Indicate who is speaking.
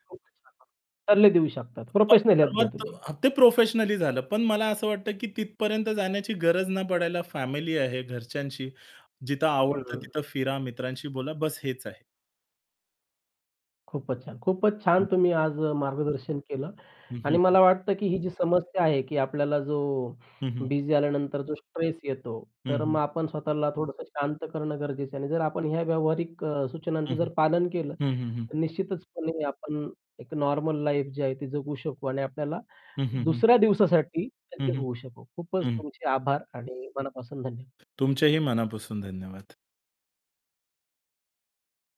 Speaker 1: [unintelligible] सल्ले देऊ शकतात. प्रोफेशनल हेल्प घ्या तुम्ही.
Speaker 2: [unintelligible] ते प्रोफेशनली झालं पण मला असं वाटतं की तिथपर्यंत जाण्याची गरज ना पडायला फॅमिली आहे घरच्यांशी, जिथं आवडतं
Speaker 1: हं.
Speaker 2: तिथं फिरा, मित्रांशी बोला, बस हेच आहे.
Speaker 1: खूपच छान, खूपच
Speaker 2: हं.
Speaker 1: छान! तुम्ही आज अ, मार्गदर्शन केलं.
Speaker 2: हं, हं,
Speaker 1: आणि
Speaker 2: हं.
Speaker 1: मला वाटतं की ही जी समस्या आहे की आपल्याला जो
Speaker 2: हं, हं.
Speaker 1: बिझी झाल्यानंतर जो स्ट्रेस येतो,
Speaker 2: हं,
Speaker 1: तर मग
Speaker 2: हं.
Speaker 1: आपण स्वतःला थोडंसं शांत करणं गरजेचं आहे आणि जर आपण ह्या व्यावहारिक अ,
Speaker 2: हं, हं.
Speaker 1: सूचनांचं पालन केलं,
Speaker 2: हं, हं, हं.
Speaker 1: तर निश्चितचपणे आपण एक नॉर्मल लाईफ जी आहे ती जगू शकू आणि आपल्याला
Speaker 2: हं, हं, हं.
Speaker 1: दुसऱ्या दिवसासाठी
Speaker 2: हं,
Speaker 1: सज्ज
Speaker 2: हं.
Speaker 1: होऊ शकू. खूपच
Speaker 2: हं.
Speaker 1: तुमचे आभार आणि मनापासून धन्यवाद.
Speaker 2: तुमचेही मनापासून धन्यवाद.